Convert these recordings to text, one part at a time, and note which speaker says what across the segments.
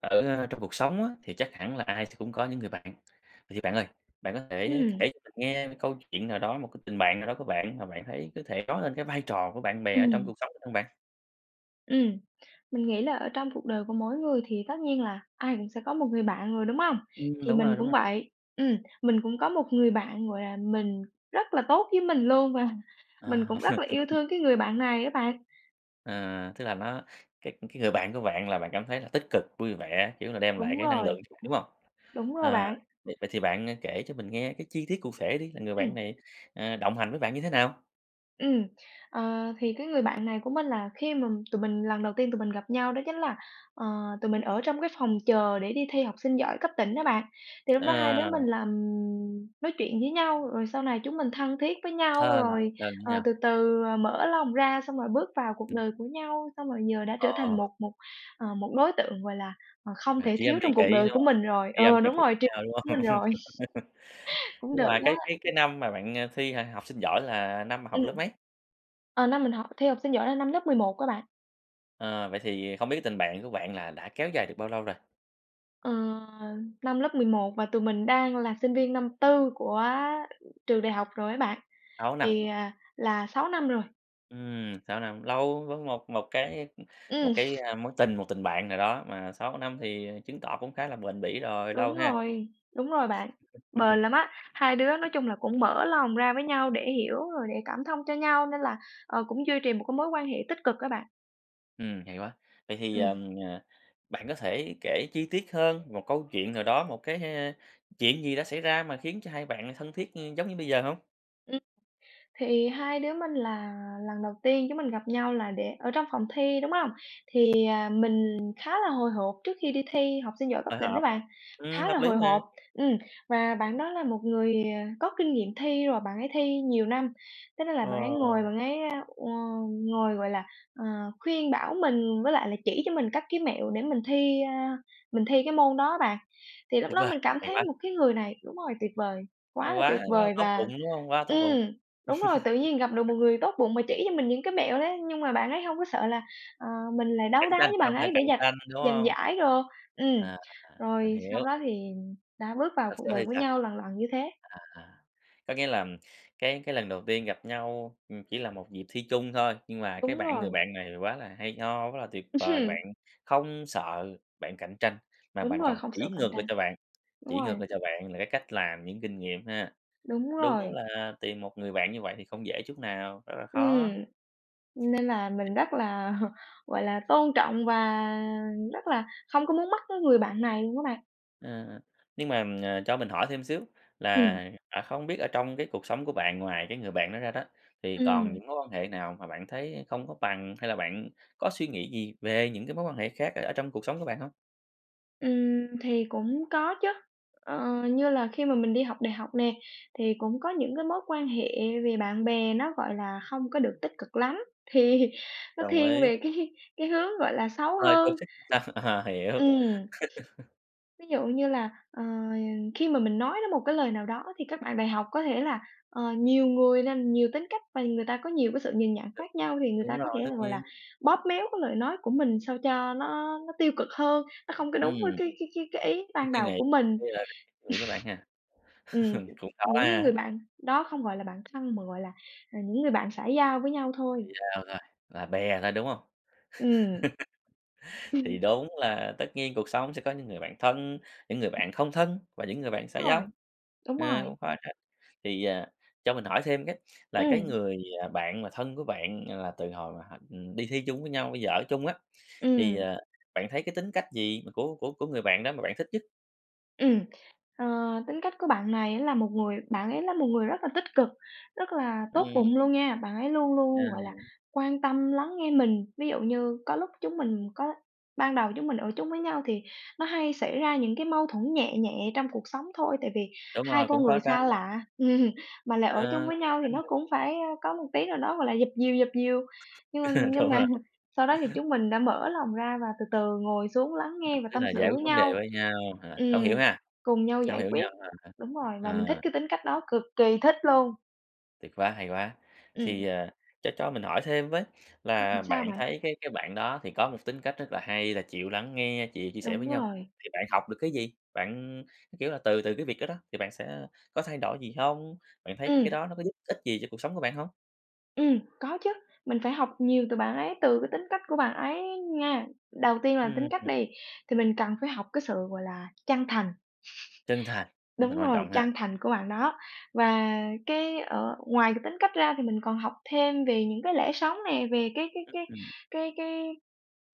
Speaker 1: Ở, a, trong cuộc sống á thì chắc hẳn là ai thì cũng có những người bạn, vậy thì bạn ơi, bạn có thể
Speaker 2: Ừm.
Speaker 1: kể cho mình nghe câu chuyện nào đó, một cái tình bạn nào đó của bạn mà bạn thấy có thể nói lên cái vai trò của bạn bè ở trong
Speaker 2: Ừm.
Speaker 1: cuộc sống được hông bạn?
Speaker 2: Ừm, mình nghĩ là ở trong cuộc đời của mỗi người thì tất nhiên là ai cũng sẽ có một người bạn rồi, đúng hông?
Speaker 1: Ừm,
Speaker 2: Thì
Speaker 1: đúng
Speaker 2: mình
Speaker 1: rồi, đúng
Speaker 2: cũng
Speaker 1: rồi.
Speaker 2: vậy ừm, mình cũng có một người bạn, gọi là, mình rất là tốt với mình luôn, và mình
Speaker 1: À.
Speaker 2: cũng rất là yêu thương cái người bạn này á bạn.
Speaker 1: Ờ, tức là nó cái cái người bạn của bạn là bạn cảm thấy là tích cực, vui vẻ, kiểu là, đem lại
Speaker 2: Đúng
Speaker 1: cái năng
Speaker 2: rồi.
Speaker 1: lượng ch bạn, đúng hông?
Speaker 2: Đúng rồi
Speaker 1: Ờ,
Speaker 2: bạn.
Speaker 1: vậy vậy thì bạn, ơ, kể cho mình nghe cái chi tiết cụ thể đi, là người bạn
Speaker 2: Ừm.
Speaker 1: này, ờ, đồng hành với bạn như thế nào?
Speaker 2: Ừm. Ờ, thì cái người bạn này của mình là khi mà tụi mình lần đầu tiên tụi mình gặp nhau đó chính là, ờ, tụi mình ở trong cái phòng chờ để đi thi học sinh giỏi cấp tỉnh đó bạn, thì lúc đó hai đứa
Speaker 1: Ờ.
Speaker 2: mình là, ừm, nói chuyện với nhau, rồi sau này chúng mình thân thiết với nhau,
Speaker 1: Thân
Speaker 2: rồi,
Speaker 1: thân với
Speaker 2: ờ, từ
Speaker 1: nhau.
Speaker 2: từ mở lòng ra xong rồi bước vào cuộc đời của nhau, xong rồi giờ đã
Speaker 1: Ờ.
Speaker 2: trở thành một một, ờ, một đối tượng, gọi là, à, không
Speaker 1: À,
Speaker 2: thể
Speaker 1: tri âm,
Speaker 2: thiếu
Speaker 1: tri
Speaker 2: trong
Speaker 1: kỷ,
Speaker 2: cuộc đời
Speaker 1: đúng
Speaker 2: của
Speaker 1: hông?
Speaker 2: mình rồi
Speaker 1: Tri âm,
Speaker 2: ờ,
Speaker 1: tri
Speaker 2: đúng
Speaker 1: kỷ
Speaker 2: rồi
Speaker 1: của
Speaker 2: tri
Speaker 1: nhau, đúng
Speaker 2: của
Speaker 1: không?
Speaker 2: mình rồi. Cũng
Speaker 1: Nhưng
Speaker 2: được
Speaker 1: mà
Speaker 2: á.
Speaker 1: cái cái cái năm mà bạn, à, thi h học sinh giỏi là năm mà học
Speaker 2: Ừm,
Speaker 1: lớp mấy?
Speaker 2: ờ, năm mình học thi học sinh giỏi là năm lớp 11 á bạn.
Speaker 1: À, vậy thì không biết tình bạn của bạn là đã kéo dài được bao lâu rồi?
Speaker 2: Ờ, năm lớp 11 và tụi mình đang là sinh viên năm 4 của trường đại học rồi ấy bạn.
Speaker 1: 6 năm.
Speaker 2: Thì, à, là 6 năm rồi.
Speaker 1: Ừm, 6 năm, lâu với một một cái một
Speaker 2: Ừm.
Speaker 1: cái, ơ, mối tình, một tình bạn nào đó mà 6 năm thì chứng tỏ cũng khá là bền bỉ rồi, lâu
Speaker 2: Đúng
Speaker 1: ha.
Speaker 2: rồi, đúng rồi bạn. Bền lắm á, hai đứa nói chung là cũng mở lòng ra với nhau để hiểu rồi để cảm thông cho nhau nên là, ờ, cũng duy trì một cái mối quan hệ tích cực á bạn.
Speaker 1: Ừm, hay quá. Vậy thì, ờ,
Speaker 2: Ừm.
Speaker 1: ờ, bạn có thể kể chi tiết hơn một câu chuyện nào đó, một cái, ơ, chuyện gì đã xảy ra mà khiến cho hai bạn là thân thiết, ưm, giống như bây giờ hông?
Speaker 2: Ừm, thì hai đứa mình là lần đầu tiên chúng mình gặp nhau là để ở trong phòng thi, đúng hông? Thì, ờ, mình khá là hồi hộp trước khi đi thi học sinh giỏi cấp
Speaker 1: Hồi
Speaker 2: tỉnh đó
Speaker 1: hộp,
Speaker 2: bạn,
Speaker 1: ừm,
Speaker 2: khá là
Speaker 1: hợp lý
Speaker 2: hồi
Speaker 1: mà.
Speaker 2: hộp. Ừm, và bạn đó là một người, à, có kinh nghiệm thi rồi, bạn ấy thi nhiều năm thế nên là
Speaker 1: Ờ.
Speaker 2: bạn ấy ngồi bạn ấy, ơ, ồ, ngồi, gọi là, ờ, khuyên bảo mình với lại là chỉ cho mình các cái mẹo để mình thi, a, mình thi cái môn đó bạn. Thì lúc
Speaker 1: Tuyệt
Speaker 2: đó
Speaker 1: vời,
Speaker 2: mình cảm
Speaker 1: hay
Speaker 2: thấy
Speaker 1: quá.
Speaker 2: một cái người này đúng rồi, tuyệt vời,
Speaker 1: Hay
Speaker 2: quá là tuyệt
Speaker 1: quá, quá là
Speaker 2: vời
Speaker 1: tốt
Speaker 2: và
Speaker 1: bụng, đúng hông? Quá là tốt bụng.
Speaker 2: ừm, đúng rồi, tự nhiên gặp được một người tốt bụng mà chỉ cho mình những cái mẹo đấy. Nhưng mà bạn ấy hông có sợ là, ờ, mình lại đấu
Speaker 1: Cạnh
Speaker 2: đá
Speaker 1: tranh,
Speaker 2: với
Speaker 1: không
Speaker 2: bạn
Speaker 1: sợ
Speaker 2: ấy để
Speaker 1: cạnh
Speaker 2: giành
Speaker 1: tranh, đúng
Speaker 2: giành
Speaker 1: hông?
Speaker 2: giải đồ. Ừm,
Speaker 1: À, mình
Speaker 2: rồi sau
Speaker 1: hiểu.
Speaker 2: đó thì đã bước vào
Speaker 1: Rồi
Speaker 2: cuộc
Speaker 1: sau đó
Speaker 2: đời
Speaker 1: thì
Speaker 2: của
Speaker 1: sao?
Speaker 2: nhau lần lần như thế.
Speaker 1: À, có nghĩa là cái cái lần đầu tiên gặp nhau, ừm, chỉ là một dịp thi chung thôi. Nhưng mà cái
Speaker 2: Đúng
Speaker 1: bạn người
Speaker 2: rồi.
Speaker 1: bạn này quá là hay ho, quá là tuyệt vời, bạn không sợ bạn cạnh tranh, mà
Speaker 2: Đúng
Speaker 1: bạn
Speaker 2: rồi,
Speaker 1: còn
Speaker 2: không sợ
Speaker 1: chỉ
Speaker 2: cạnh
Speaker 1: ngược lại
Speaker 2: tranh.
Speaker 1: cho bạn,
Speaker 2: Đúng
Speaker 1: chỉ ngược
Speaker 2: rồi.
Speaker 1: lại cho bạn là cái cách làm, những kinh nghiệm ha.
Speaker 2: Đúng
Speaker 1: Đúng
Speaker 2: rồi.
Speaker 1: là tìm một người bạn như vậy thì không dễ chút nào, rất là khó.
Speaker 2: Ừm, nên là mình rất là, gọi là, tôn trọng và rất là không có muốn mất cái người bạn này luôn á bạn.
Speaker 1: Ờ, ờ, nhưng mà, ờ, cho mình hỏi thêm xíu là,
Speaker 2: Ừm.
Speaker 1: à, không biết ở trong cái cuộc sống của bạn, ngoài cái người bạn đó ra đó, thì còn
Speaker 2: Ừm.
Speaker 1: những mối quan hệ nào mà bạn thấy không có bằng, hay là bạn có suy nghĩ gì về những cái mối quan hệ khác ở ở trong cuộc sống của bạn hông?
Speaker 2: Ừm, thì cũng có chớ. Ờ, như là khi mà mình đi học đại học nè, thì cũng có những cái mối quan hệ về bạn bè nó, gọi là, hông có được tích cực lắm, thì nó
Speaker 1: Đồng
Speaker 2: thiên
Speaker 1: ý.
Speaker 2: về cái cái hướng, gọi là, xấu
Speaker 1: Hơi
Speaker 2: hơn
Speaker 1: toxic ờ, hiểu.
Speaker 2: ừm. Ví dụ như là, ờ, khi mà mình nói đến một cái lời nào đó, thì các bạn đại học có thể là, ờ, nhiều người nên nhiều tính cách, và người ta có nhiều cái sự nhìn nhận khác nhau, thì người
Speaker 1: Đúng
Speaker 2: ta có
Speaker 1: rồi,
Speaker 2: thể
Speaker 1: tất
Speaker 2: là, gọi
Speaker 1: nhiên.
Speaker 2: là, bóp méo cái lời nói của mình sao cho nó nó tiêu cực hơn, nó không có
Speaker 1: Ừm.
Speaker 2: đúng với cái cái cái cái ý
Speaker 1: Cái
Speaker 2: ban
Speaker 1: suy
Speaker 2: đầu
Speaker 1: nghĩ
Speaker 2: của mình.
Speaker 1: như là suy nghĩ của bạn ha?
Speaker 2: Ừm, nh
Speaker 1: Cũng khó
Speaker 2: những cái người
Speaker 1: ha.
Speaker 2: bạn đó không gọi là bạn thân, mà gọi là, à, những người bạn xã giao với nhau thôi.
Speaker 1: Chỉ là hơn thôi, là bè thôi, đúng hông?
Speaker 2: Ừm.
Speaker 1: Thì đúng là tất nhiên cuộc sống sẽ có những người bạn thân, những người bạn không thân và những người
Speaker 2: Đúng
Speaker 1: bạn xã giao,
Speaker 2: rồi, đúng
Speaker 1: ờ,
Speaker 2: rồi.
Speaker 1: cũng khó tránh. Thì, ờ, cho mình hỏi thêm cái, là cái
Speaker 2: Ừm.
Speaker 1: người, à, bạn mà thân của bạn là từ hồi mà hả, ừm, đi thi chung với nhau, bây giờ ở chung á, thì,
Speaker 2: Ừm.
Speaker 1: ờ, bạn thấy cái tính cách gì của của của người bạn đó mà bạn thích nhất?
Speaker 2: Ừm. Ờ, tính cách của bạn này á là một người bạn ấy là một người rất là tích cực, rất là tốt
Speaker 1: Ừm.
Speaker 2: bụng luôn nha, bạn ấy luôn luôn, gọi là,
Speaker 1: À.
Speaker 2: quan tâm, lắng nghe mình. Ví dụ như có lúc chúng mình có ban đầu chúng mình ở chung với nhau thì nó hay xảy ra những cái mâu thuẫn nhẹ nhẹ trong cuộc sống thôi, tại vì
Speaker 1: Đúng
Speaker 2: 2
Speaker 1: rồi, cũng
Speaker 2: con
Speaker 1: khó
Speaker 2: người
Speaker 1: tránh.
Speaker 2: xa lạ mà lại ở chung
Speaker 1: Ờ,
Speaker 2: với
Speaker 1: khó
Speaker 2: nhau thì
Speaker 1: tránh
Speaker 2: nó
Speaker 1: được.
Speaker 2: cũng phải, a, có một tí nào đó, gọi là, dập dìu, dập dìu, nhưng mà nhưng
Speaker 1: Đúng
Speaker 2: mà
Speaker 1: rồi.
Speaker 2: sau đó thì chúng mình đã mở lòng ra và từ từ ngồi xuống lắng nghe
Speaker 1: Tức
Speaker 2: và
Speaker 1: tức
Speaker 2: tâm
Speaker 1: là
Speaker 2: sự
Speaker 1: giải quyết
Speaker 2: với
Speaker 1: vấn đề
Speaker 2: nhau
Speaker 1: với nhau hả? Thấu hiểu
Speaker 2: ừm,
Speaker 1: ha,
Speaker 2: cùng nhau
Speaker 1: thấu
Speaker 2: giải
Speaker 1: hiểu
Speaker 2: quyết
Speaker 1: nhau, à ha.
Speaker 2: đúng rồi và mình thích
Speaker 1: À.
Speaker 2: cái tính cách đó, cực kỳ thích luôn.
Speaker 1: Tuyệt quá, hay quá! Thì,
Speaker 2: Ừm.
Speaker 1: ờ, cho cho mình hỏi thêm với,
Speaker 2: Ừm,
Speaker 1: là
Speaker 2: sao
Speaker 1: bạn
Speaker 2: bạn?
Speaker 1: thấy cái cái bạn đó thì có một tính cách rất là hay là chịu lắng nghe, chịu chia sẻ với
Speaker 2: Đúng
Speaker 1: nhau,
Speaker 2: rồi.
Speaker 1: thì bạn học được cái gì? Bạn, ừm, cái, kiểu là, từ từ cái việc đó đó, thì bạn sẽ có thay đổi gì không? Bạn thấy cái
Speaker 2: Ừm.
Speaker 1: đó nó có giúp ích gì cho cuộc sống của bạn hông?
Speaker 2: Ừm, có chứ, mình phải học nhiều từ bạn ấy, từ cái tính cách của bạn ấy nha. Đầu tiên là
Speaker 1: Ưm,
Speaker 2: tính cách
Speaker 1: ừm.
Speaker 2: đi, thì mình cần phải học cái sự, gọi là, chân thành.
Speaker 1: Chân thành, chân thành
Speaker 2: Đúng
Speaker 1: quan
Speaker 2: rồi,
Speaker 1: trọng ha.
Speaker 2: chân thành của bạn đó và cái ở ngoài cái tính cách ra thì mình còn học thêm về những cái lẽ sống nè, về cái cái
Speaker 1: Ư,
Speaker 2: cái
Speaker 1: ừm.
Speaker 2: cái cái,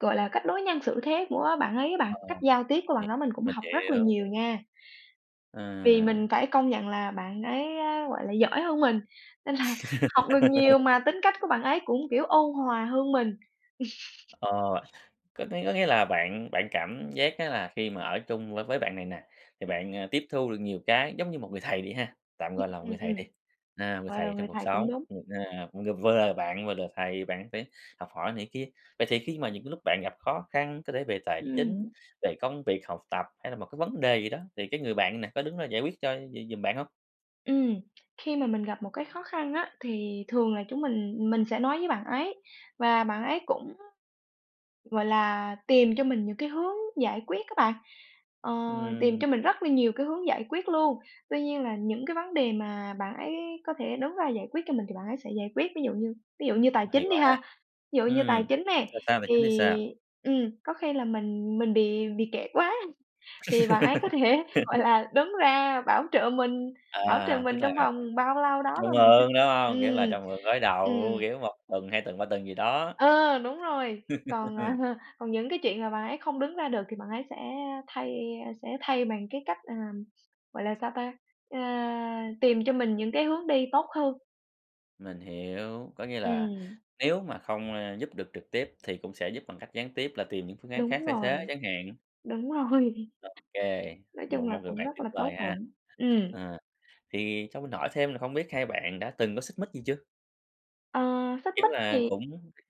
Speaker 2: gọi là, cách đối nhân xử thế của bạn ấy á bạn, cách
Speaker 1: Ồ,
Speaker 2: giao tiếp của
Speaker 1: h
Speaker 2: bạn đó mình cũng
Speaker 1: mình
Speaker 2: học rất là
Speaker 1: hiểu.
Speaker 2: nhiều nha. Vì
Speaker 1: À.
Speaker 2: mình phải công nhận là bạn ấy á, gọi là, giỏi hơn mình nên là học được nhiều, mà tính cách của bạn ấy cũng, kiểu, ôn hòa hơn mình.
Speaker 1: Ờ, có nghĩa có nghĩa là bạn bạn cảm giác á là khi mà ở chung với với bạn này nè, thì bạn, à, tiếp thu được nhiều cái, giống như một người thầy đi ha, tạm
Speaker 2: Ừm,
Speaker 1: gọi là một người
Speaker 2: ừm,
Speaker 1: thầy đi,
Speaker 2: ừm.
Speaker 1: à, người
Speaker 2: Gọi là
Speaker 1: thầy trong
Speaker 2: người
Speaker 1: cuộc
Speaker 2: thầy cũng
Speaker 1: sống,
Speaker 2: đúng.
Speaker 1: ừm, à, cũng, ờ, vừa là bạn, vừa là thầy, bạn phải học hỏi này kia, vậy thì khi mà những cái lúc bạn gặp khó khăn, có thể về tài chính,
Speaker 2: Ừm.
Speaker 1: về công việc, học tập, hay là một cái vấn đề gì đó, thì cái người bạn nè có đứng ra giải quyết cho g giùm bạn hông?
Speaker 2: Ừm, khi mà mình gặp một cái khó khăn á thì thường là chúng mình mình sẽ nói với bạn ấy. Và bạn ấy cũng, gọi là, tìm cho mình những cái hướng giải quyết á bạn, ờ, tìm
Speaker 1: Ừm.
Speaker 2: cho mình rất là nhiều cái hướng giải quyết luôn. Tuy nhiên là những cái vấn đề mà bạn ấy có thể đứng ra giải quyết cho mình thì bạn ấy sẽ giải quyết. Ví dụ như ví dụ như tài
Speaker 1: Hay
Speaker 2: chính đi
Speaker 1: quá.
Speaker 2: ha, ví dụ như tài
Speaker 1: Ừm,
Speaker 2: chính nè,
Speaker 1: là sao? Tài
Speaker 2: thì,
Speaker 1: chính thì sao?
Speaker 2: ừm, có khi là mình mình bị bị kẹt quá thì bạn ấy có thể, gọi là, đứng ra bảo trợ mình bảo trợ
Speaker 1: À, tức
Speaker 2: mình
Speaker 1: là,
Speaker 2: trong
Speaker 1: à,
Speaker 2: vòng bao lâu đó
Speaker 1: cho
Speaker 2: và mình sẽ
Speaker 1: mượn, đúng hông? Nghĩa là
Speaker 2: ừm,
Speaker 1: cho mượn gối đầu,
Speaker 2: ừm.
Speaker 1: kiểu, 1 tuần, 2 tuần, 3 tuần gì đó.
Speaker 2: Ờ, đúng rồi. Còn, à, còn những cái chuyện mà bạn ấy không đứng ra được thì bạn ấy sẽ thay, ơ, sẽ thay bằng cái cách, ờ, gọi là sao ta? Ơ, tìm cho mình những cái hướng đi tốt hơn.
Speaker 1: Mình hiểu, có nghĩa là
Speaker 2: Ừm.
Speaker 1: nếu mà không, ơ, giúp được trực tiếp thì cũng sẽ giúp bằng cách gián tiếp là tìm những phương án khác
Speaker 2: Đúng
Speaker 1: thay thế
Speaker 2: rồi,
Speaker 1: chẳng hạn.
Speaker 2: đúng rồi.
Speaker 1: Ô kê,
Speaker 2: Nói chung
Speaker 1: một
Speaker 2: là
Speaker 1: một người
Speaker 2: cũng
Speaker 1: bạn
Speaker 2: rất
Speaker 1: tuyệt
Speaker 2: là
Speaker 1: vời
Speaker 2: tốt
Speaker 1: ha.
Speaker 2: bụng. Ừm.
Speaker 1: Ờ, thì cho mình hỏi thêm là không biết hai bạn đã từng có xích mích gì chưa?
Speaker 2: Ờ, xích
Speaker 1: Kiểu
Speaker 2: mích
Speaker 1: là
Speaker 2: thì
Speaker 1: cũng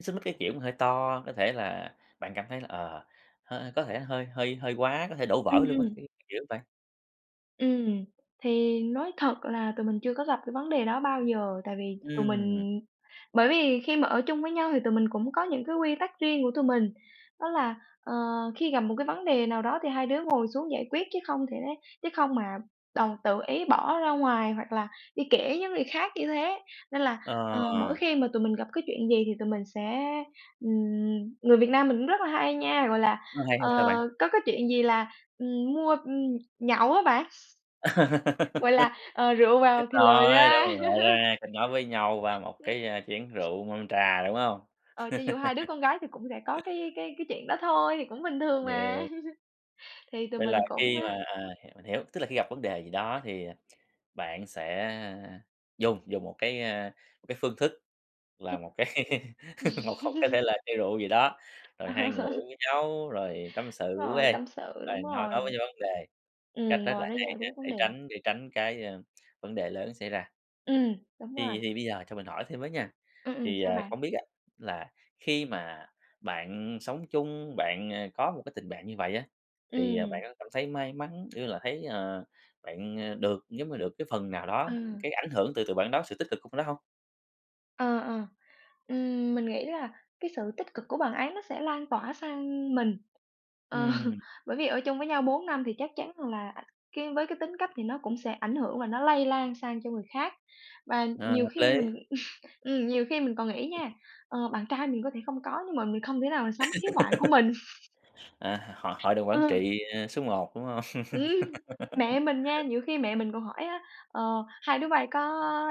Speaker 1: xích mích cái, kiểu, mà hơi to, có thể là bạn cảm thấy là, ờ, hơi có thể hơi hơi hơi quá, có thể đổ
Speaker 2: Ừm,
Speaker 1: vỡ luôn á,
Speaker 2: ừm.
Speaker 1: cái kiểu vậy.
Speaker 2: Ừm, thì nói thật là tụi mình chưa có gặp cái vấn đề đó bao giờ, tại vì tụi
Speaker 1: Ừm.
Speaker 2: mình bởi vì khi mà ở chung với nhau thì tụi mình cũng có những cái quy tắc riêng của tụi mình, đó là, ờ, khi gặp một cái vấn đề nào đó thì hai đứa ngồi xuống giải quyết chứ không thể chứ không mà đòi tự ý bỏ ra ngoài, hoặc là đi kể với người khác như thế. Nên là, ờ, mỗi
Speaker 1: Ờ.
Speaker 2: khi mà tụi mình gặp cái chuyện gì thì tụi mình sẽ, ừm, người Việt Nam mình cũng rất là hay nha, gọi là,
Speaker 1: Nó hay ha
Speaker 2: ờ,
Speaker 1: sao bạn?
Speaker 2: có cái chuyện gì là, ừm, mua, ừm, nhậu á bạn. Gọi là, ờ, rượu
Speaker 1: Chết
Speaker 2: vào thì lời
Speaker 1: rồi, đâu
Speaker 2: ra.
Speaker 1: cần rượu, a, kênh nói với nhau qua một
Speaker 2: Ừm.
Speaker 1: cái, a, chén rượu, mâm trà, đúng hông?
Speaker 2: Ờ, cho dù hai đứa con gái thì cũng sẽ có cái cái cái chuyện đó thôi, thì cũng bình thường mà.
Speaker 1: [unintelligible]
Speaker 2: Thì tụi
Speaker 1: Vậy là
Speaker 2: mình cũng
Speaker 1: khi
Speaker 2: á
Speaker 1: mà, à hiểu hiểu, tức là khi gặp vấn đề gì đó thì bạn sẽ dùng dùng một cái, a, một cái phương thức là một cái một một cái thể là chai rượu gì đó, rồi hai người uống với nhau, rồi tâm
Speaker 2: Đúng
Speaker 1: sự với,
Speaker 2: rồi,
Speaker 1: ê,
Speaker 2: tâm sự, đúng
Speaker 1: rồi nói
Speaker 2: rồi.
Speaker 1: nói với vấn đề. Cách
Speaker 2: Ừm,
Speaker 1: rất là
Speaker 2: ngồi đó
Speaker 1: hay
Speaker 2: giải
Speaker 1: ha,
Speaker 2: quyết
Speaker 1: để
Speaker 2: vấn đề.
Speaker 1: tránh để tránh cái, a, vấn đề lớn xảy ra.
Speaker 2: Ừm, đúng rồi.
Speaker 1: Thì thì bây giờ cho mình hỏi thêm với nha,
Speaker 2: Ừm, ừm,
Speaker 1: thì,
Speaker 2: sao
Speaker 1: ờ,
Speaker 2: bạn?
Speaker 1: không biết á là khi mà bạn sống chung, bạn, ờ, có một cái tình bạn như vậy á thì, ờ, bạn
Speaker 2: Ừm.
Speaker 1: có cảm thấy may mắn, như là thấy, ờ, bạn, ờ, được giống như được cái phần nào đó
Speaker 2: Ừ.
Speaker 1: cái ảnh hưởng từ từ bạn đó, sự tích cực của bạn đó hông?
Speaker 2: Ờ, ờ, ừm, mình nghĩ là cái sự tích cực của bạn ấy nó sẽ lan tỏa sang mình. Ờ,
Speaker 1: Ừm.
Speaker 2: bởi vì ở chung với nhau 4 năm thì chắc chắn rằng là cái với cái tính cách thì nó cũng sẽ ảnh hưởng và nó lây lan sang cho người khác. Và nhiều
Speaker 1: Hợp
Speaker 2: khi
Speaker 1: lý.
Speaker 2: mình ừm, nhiều khi mình còn nghĩ nha, ờ, bạn trai mình có thể không có nhưng mà mình không thể nào mà sống thiếu bạn của mình.
Speaker 1: À, h hội hội đồng
Speaker 2: Ờ.
Speaker 1: quản trị, ờ, số một, đúng hông?
Speaker 2: Ừm, mẹ mình nha, nhiều khi mẹ mình còn hỏi á: "Ờ, hai đứa bây có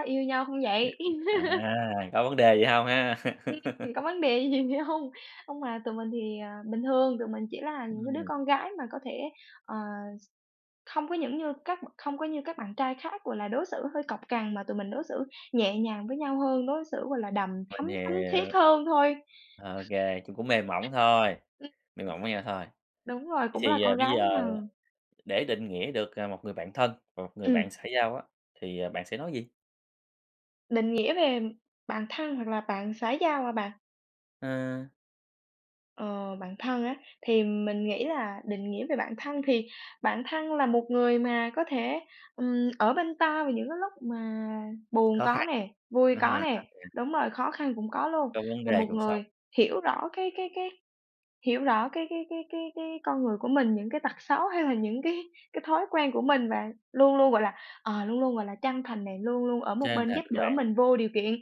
Speaker 2: yêu nhau không vậy?"
Speaker 1: À, có vấn đề gì hông ha?
Speaker 2: Ưm, ừm, có vấn đề hay gì hông? Hông mà tụi mình thì, ờ, bình thường, tụi mình chỉ là những cái đứa
Speaker 1: Ừm.
Speaker 2: con gái mà có thể, ờ, không có những như các không có như các bạn trai khác, gọi là, đối xử hơi cọc cằn mà tụi mình đối xử nhẹ nhàng với nhau hơn, đối xử, gọi là, đằm
Speaker 1: Mình
Speaker 2: thắm, thắm thiết
Speaker 1: hiểu.
Speaker 2: hơn thôi.
Speaker 1: OK, cũng cũng mềm mỏng thôi, mềm mỏng với nhau thôi.
Speaker 2: Đúng rồi,
Speaker 1: Vậy
Speaker 2: cũng là
Speaker 1: thì,
Speaker 2: con
Speaker 1: ờ, bây
Speaker 2: gái với
Speaker 1: giờ
Speaker 2: nhờ.
Speaker 1: để định nghĩa được, ờ, một người bạn thân và một người
Speaker 2: Ừm.
Speaker 1: bạn xã giao á thì, à, bạn sẽ nói gì?
Speaker 2: Định nghĩa về bạn thân hoặc là bạn xã giao hả bạn?
Speaker 1: À.
Speaker 2: Ờ, bạn thân á, thì mình nghĩ là định nghĩa về bạn thân thì bạn thân là một người mà có thể, ừm, ở bên ta vào những cái lúc mà buồn
Speaker 1: Khó
Speaker 2: có
Speaker 1: khăn.
Speaker 2: nè, vui
Speaker 1: À
Speaker 2: có
Speaker 1: ha
Speaker 2: nè,
Speaker 1: [unintelligible]
Speaker 2: đúng rồi, khó khăn cũng có luôn.
Speaker 1: Có vấn
Speaker 2: Là
Speaker 1: đề
Speaker 2: một
Speaker 1: cuộc sống.
Speaker 2: người hiểu rõ cái cái cái hiểu rõ cái cái cái cái cái con người của mình, những cái tật xấu hay là những cái cái thói quen của mình, và luôn luôn, gọi là, ờ, luôn luôn, gọi là, chân thành này, luôn luôn ở một
Speaker 1: Chân
Speaker 2: bên
Speaker 1: thành
Speaker 2: giúp
Speaker 1: với
Speaker 2: đỡ
Speaker 1: bạn.
Speaker 2: mình vô điều kiện.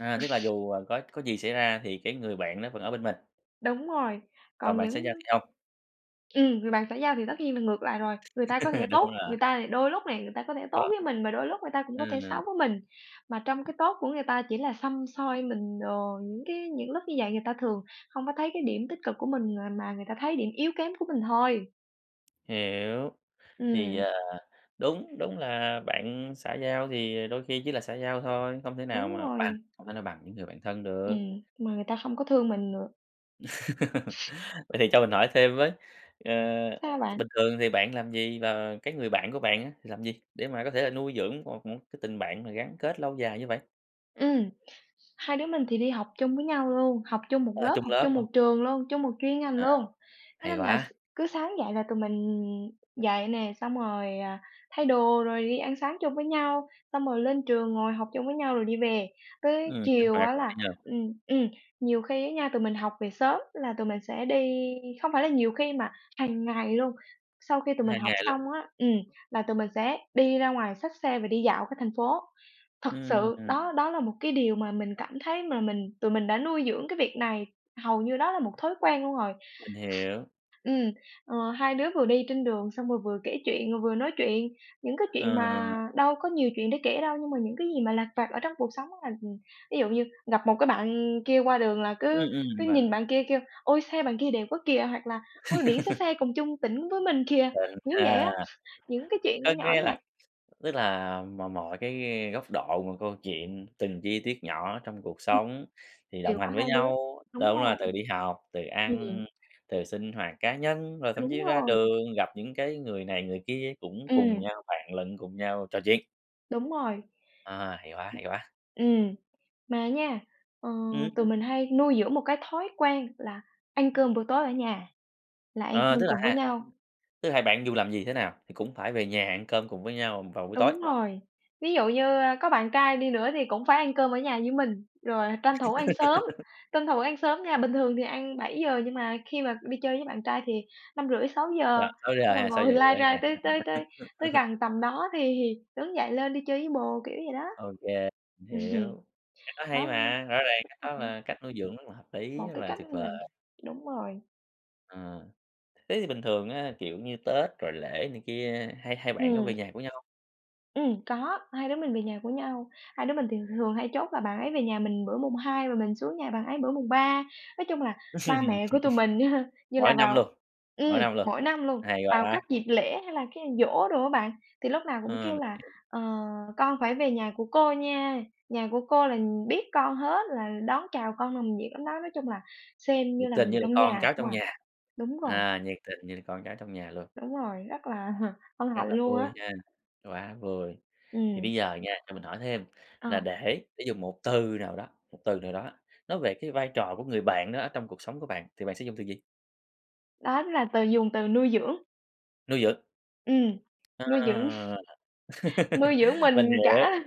Speaker 1: À, tức là dù, ờ, có có gì xảy ra thì cái người bạn đó vẫn ở bên mình.
Speaker 2: Đúng rồi,
Speaker 1: Còn
Speaker 2: còn
Speaker 1: bạn xã giao
Speaker 2: những
Speaker 1: thì không.
Speaker 2: Ừm, người bạn xã giao thì tất nhiên là ngược lại rồi. Người ta có thể
Speaker 1: Đúng
Speaker 2: tốt,
Speaker 1: rồi.
Speaker 2: người ta đôi thì lúc này người ta có thể tốt
Speaker 1: Có.
Speaker 2: với mình, mà đôi lúc người ta cũng có thể
Speaker 1: Ừm.
Speaker 2: xấu với mình, mà trong cái tốt của người ta chỉ là săm soi mình đồ, những cái những lúc như vậy người ta thường hông có thấy cái điểm tích cực của mình, à, mà người ta thấy điểm yếu kém của mình thôi.
Speaker 1: Hiểu, thì,
Speaker 2: Ừm.
Speaker 1: à, đúng, đúng là bạn xã giao thì đôi khi chỉ là xã giao thôi, không thể nào
Speaker 2: Đúng
Speaker 1: mà bằng,
Speaker 2: rồi.
Speaker 1: không thể nào bằng những người bạn thân được.
Speaker 2: Ừm, mà người ta không có thương mình nữa.
Speaker 1: Vậy thì cho mình hỏi thêm với, ờ,
Speaker 2: Sao
Speaker 1: t
Speaker 2: bạn?
Speaker 1: bình thường thì bạn làm gì và cái người bạn của bạn á, thì làm gì, để mà có thể nuôi dưỡng một một cái tình bạn mà gắn kết lâu dài như vậy?
Speaker 2: Ừm, hai đứa mình thì đi học chung với nhau luôn, học chung một
Speaker 1: À,
Speaker 2: lớp,
Speaker 1: chung
Speaker 2: học
Speaker 1: lớp
Speaker 2: chung một
Speaker 1: luôn.
Speaker 2: trường luôn, chung một chuyên ngành
Speaker 1: À,
Speaker 2: luôn. Thế
Speaker 1: hay
Speaker 2: nên là
Speaker 1: quá!
Speaker 2: s cứ sáng dậy là tụi mình dậy nè, xong rồi, à, thay đồ rồi đi ăn sáng chung với nhau, xong rồi lên trường ngồi học chung với nhau rồi đi về. Tới
Speaker 1: Ừm, sinh
Speaker 2: chiều
Speaker 1: hoạt,
Speaker 2: á
Speaker 1: hay
Speaker 2: là
Speaker 1: nhờ!
Speaker 2: ừm, ừm, nhiều khi á nha, tụi mình học về sớm là tụi mình sẽ đi không phải là nhiều khi mà hằng ngày luôn. Sau khi tụi mình
Speaker 1: Hằng
Speaker 2: học
Speaker 1: ngày luôn.
Speaker 2: xong á, ừm, là tụi mình sẽ đi ra ngoài xách xe và đi dạo cả thành phố. Thật
Speaker 1: Ừm,
Speaker 2: sự
Speaker 1: ưm, ừm.
Speaker 2: đó đó là một cái điều mà mình cảm thấy mà mình tụi mình đã nuôi dưỡng cái việc này, hầu như đó là một thói quen luôn rồi.
Speaker 1: Mình hiểu.
Speaker 2: Ừm, ờ, hai đứa vừa đi trên đường xong rồi vừa kể chuyện rồi vừa nói chuyện, những cái chuyện mà
Speaker 1: Ờ.
Speaker 2: đâu có nhiều chuyện để kể đâu, nhưng mà những cái gì mà lặt vặt ở trong cuộc sống á là, ừm, ví dụ như gặp một cái bạn kia qua đường là
Speaker 1: Ừm,
Speaker 2: cứ
Speaker 1: ừm,
Speaker 2: cứ
Speaker 1: vâng.
Speaker 2: nhìn bạn kia kêu: "Ôi, xe bạn kia đẹp quá kìa!" hoặc là "Ôi, biển số xe cùng chung tỉnh với mình kìa."
Speaker 1: Chuẩn
Speaker 2: Kiểu vậy á,
Speaker 1: ha.
Speaker 2: những cái chuyện nhỏ
Speaker 1: Có
Speaker 2: nhỏ
Speaker 1: nghĩa là
Speaker 2: nhặt.
Speaker 1: tức là mọi mọi cái góc độ, mọi câu chuyện, từng chi tiết nhỏ ở trong cuộc
Speaker 2: Ừm.
Speaker 1: sống thì
Speaker 2: Đều
Speaker 1: đồng
Speaker 2: có
Speaker 1: hành với
Speaker 2: hai đứa,
Speaker 1: nhau,
Speaker 2: đúng
Speaker 1: đúng rồi,
Speaker 2: rồi.
Speaker 1: từ đi học, từ
Speaker 2: Ừm.
Speaker 1: ăn, từ sinh hoạt cá nhân, rồi thậm
Speaker 2: Đúng
Speaker 1: chí ra
Speaker 2: rồi.
Speaker 1: đường, gặp những cái người này người kia cũng cùng
Speaker 2: Ừm.
Speaker 1: nhau, vạn lần cùng nhau trò chuyện.
Speaker 2: Đúng rồi.
Speaker 1: À, hay quá, hay quá.
Speaker 2: Ừm. Mà nha, ờ,
Speaker 1: Ừm.
Speaker 2: tụi mình hay nuôi dưỡng một cái thói quen là ăn cơm buổi tối ở nhà, là ăn
Speaker 1: Ờ,
Speaker 2: cơm
Speaker 1: tức là
Speaker 2: cùng với
Speaker 1: ha
Speaker 2: nhau.
Speaker 1: tức là hai bạn dù làm gì thế nào thì cũng phải về nhà ăn cơm cùng với nhau vào buổi tối.
Speaker 2: Đúng rồi, ví dụ như, ơ, có bạn trai đi nữa thì cũng phải ăn cơm ở nhà với mình rồi tranh thủ ăn sớm, tranh thủ ăn sớm nha. Bình thường thì ăn 7:00 nhưng mà khi mà đi chơi với bạn trai thì năm rưỡi sáu
Speaker 1: À,
Speaker 2: giờ.
Speaker 1: 6:00
Speaker 2: Xong rồi
Speaker 1: hay sáu giờ
Speaker 2: ngồi lai
Speaker 1: rưỡi và
Speaker 2: rai tới
Speaker 1: trong
Speaker 2: tới
Speaker 1: đó
Speaker 2: tới tới gần tầm đó thì thì đứng dậy lên đi chơi với bồ, kiểu vậy đó.
Speaker 1: Ô kê, mình
Speaker 2: Ừm,
Speaker 1: hiểu. Cách đó
Speaker 2: đó,
Speaker 1: hay
Speaker 2: ưm
Speaker 1: mà, rõ ràng
Speaker 2: cũng
Speaker 1: cách
Speaker 2: hợp
Speaker 1: đó
Speaker 2: này.
Speaker 1: là cách nuôi dưỡng rất là hợp lý,
Speaker 2: Một
Speaker 1: rất
Speaker 2: cái
Speaker 1: là
Speaker 2: cách
Speaker 1: tuyệt
Speaker 2: mình
Speaker 1: vời.
Speaker 2: đúng rồi.
Speaker 1: Ờ, thế thì bình thường á, kiểu như, Tết rồi lễ này kia, hai hai bạn có
Speaker 2: Ừm.
Speaker 1: về nhà của nhau?
Speaker 2: Ừm, có, hai đứa mình về nhà của nhau, hai đứa mình thì rường hay chốt là bạn ấy về nhà mình bữa mùng 2 và mình xuống nhà bạn ấy bữa mùng 3. Nói chung là ba mẹ của tụi mình á ha, như
Speaker 1: Mỗi
Speaker 2: là
Speaker 1: năm
Speaker 2: vào
Speaker 1: luôn. Mỗi
Speaker 2: ừm,
Speaker 1: năm luôn.
Speaker 2: mỗi năm luôn,
Speaker 1: Hay
Speaker 2: vào
Speaker 1: quá!
Speaker 2: các dịp lễ, hay là cái giỗ đồ á bạn, thì lúc nào cũng
Speaker 1: Ờ,
Speaker 2: kêu
Speaker 1: mình
Speaker 2: là
Speaker 1: hiểu.
Speaker 2: "Ờ, con phải về nhà của cô nha, nhà của cô là nh biết con hết là đón chào con nồng nhiệt lắm đó." Nói chung là xem như
Speaker 1: Nhiệt
Speaker 2: là
Speaker 1: tình như
Speaker 2: người
Speaker 1: là
Speaker 2: trong
Speaker 1: con
Speaker 2: nhà
Speaker 1: cháu
Speaker 2: không
Speaker 1: trong
Speaker 2: à,
Speaker 1: nhà.
Speaker 2: đúng rồi.
Speaker 1: À, nhiệt tình như là con cháu trong nhà luôn.
Speaker 2: Đúng rồi, rất là hân
Speaker 1: Rất
Speaker 2: hạnh
Speaker 1: là
Speaker 2: luôn
Speaker 1: vui
Speaker 2: á.
Speaker 1: ha, quá vui. Thì bây
Speaker 2: Ừm.
Speaker 1: giờ nha, cho mình hỏi thêm là
Speaker 2: Ờ.
Speaker 1: để để dùng một từ nào đó, một từ nào đó, nói về cái vai trò của người bạn đó ở trong cuộc sống của bạn, thì bạn sẽ dùng từ gì?
Speaker 2: Đó là từ dùng từ nuôi dưỡng.
Speaker 1: Nuôi dưỡng.
Speaker 2: Ừm, nuôi dưỡng.
Speaker 1: À.
Speaker 2: Nuôi dưỡng
Speaker 1: Mình
Speaker 2: mình
Speaker 1: hiểu.
Speaker 2: cả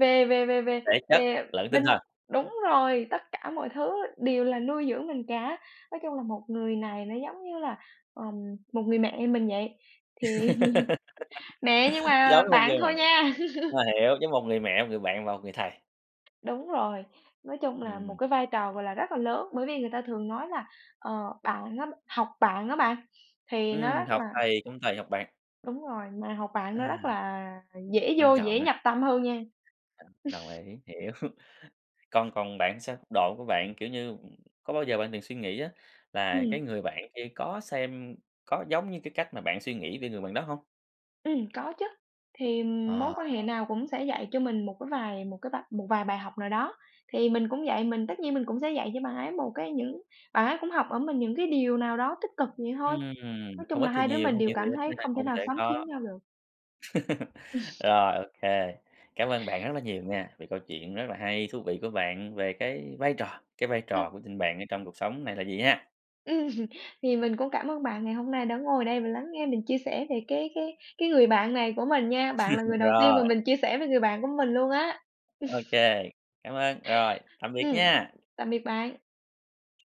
Speaker 2: về về về về
Speaker 1: Thể chất
Speaker 2: về
Speaker 1: lẫn tinh
Speaker 2: bên
Speaker 1: thần.
Speaker 2: đúng rồi, tất cả mọi thứ đều là nuôi dưỡng mình cả, nói chung là một người này nó giống như là, ờ, một người mẹ mình vậy, thì mẹ nhưng
Speaker 1: Giống
Speaker 2: mà
Speaker 1: như một người
Speaker 2: bạn
Speaker 1: mẹ.
Speaker 2: thôi nha.
Speaker 1: À, hiểu, giống một người mẹ, một người bạn và một người thầy.
Speaker 2: Đúng rồi, nói chung là một
Speaker 1: Ừm.
Speaker 2: cái vai trò, gọi là, rất là lớn, bởi vì người ta thường nói là, ờ, bạn nó học bạn đó bạn, thì nó
Speaker 1: Ừm.
Speaker 2: rất
Speaker 1: Học
Speaker 2: là
Speaker 1: thầy không tày học bạn.
Speaker 2: Đúng rồi, mà học bạn nó
Speaker 1: À,
Speaker 2: rất là dễ
Speaker 1: quan
Speaker 2: vô,
Speaker 1: trọng.
Speaker 2: dễ
Speaker 1: Ờ,
Speaker 2: nhập tâm hơn nha.
Speaker 1: đồng ý, hiểu. Còn còn bạn thì sao? Độ của bạn, kiểu như, có bao giờ bạn từng suy nghĩ á là cái
Speaker 2: Ừm.
Speaker 1: người bạn kia có xem có giống như cái cách mà bạn suy nghĩ về người bạn đó hông?
Speaker 2: Ừm, có chứ, thì, ừm, mối
Speaker 1: Ờ,
Speaker 2: quan hệ
Speaker 1: ờ.
Speaker 2: nào cũng sẽ dạy cho mình một cái vài một cái vập một vài bài học nào đó. Thì mình cũng vậy, mình tất nhiên mình cũng sẽ dạy cho bạn ấy một cái những bạn ấy cũng học ở mình những cái điều nào đó tích cực vậy thôi.
Speaker 1: Ừm,
Speaker 2: Nói
Speaker 1: không
Speaker 2: chung
Speaker 1: ít
Speaker 2: là
Speaker 1: thì
Speaker 2: hai đứa
Speaker 1: nhiều,
Speaker 2: mình
Speaker 1: không
Speaker 2: đều
Speaker 1: nhiều thì
Speaker 2: cảm
Speaker 1: ít
Speaker 2: thấy
Speaker 1: nên ai
Speaker 2: không thể
Speaker 1: cũng
Speaker 2: nào
Speaker 1: sẽ
Speaker 2: sống thiếu
Speaker 1: có.
Speaker 2: nhau được.
Speaker 1: Rồi, ô kê, cảm ơn bạn rất là nhiều nha, về câu chuyện rất là hay, thú vị của bạn về cái vai trò cái vai
Speaker 2: Ừm.
Speaker 1: trò của tình bạn ở trong cuộc sống này là gì ha.
Speaker 2: Ừm. Thì mình cũng cảm ơn bạn ngày hôm nay đã ngồi đây và lắng nghe mình chia sẻ về cái cái cái người bạn này của mình nha, bạn là người đầu tiên mà
Speaker 1: Rồi.
Speaker 2: mình chia sẻ về người bạn của mình luôn á.
Speaker 1: Ô kê, cảm ơn. Rồi, tạm biệt
Speaker 2: Ừm,
Speaker 1: nha!
Speaker 2: tạm biệt bạn.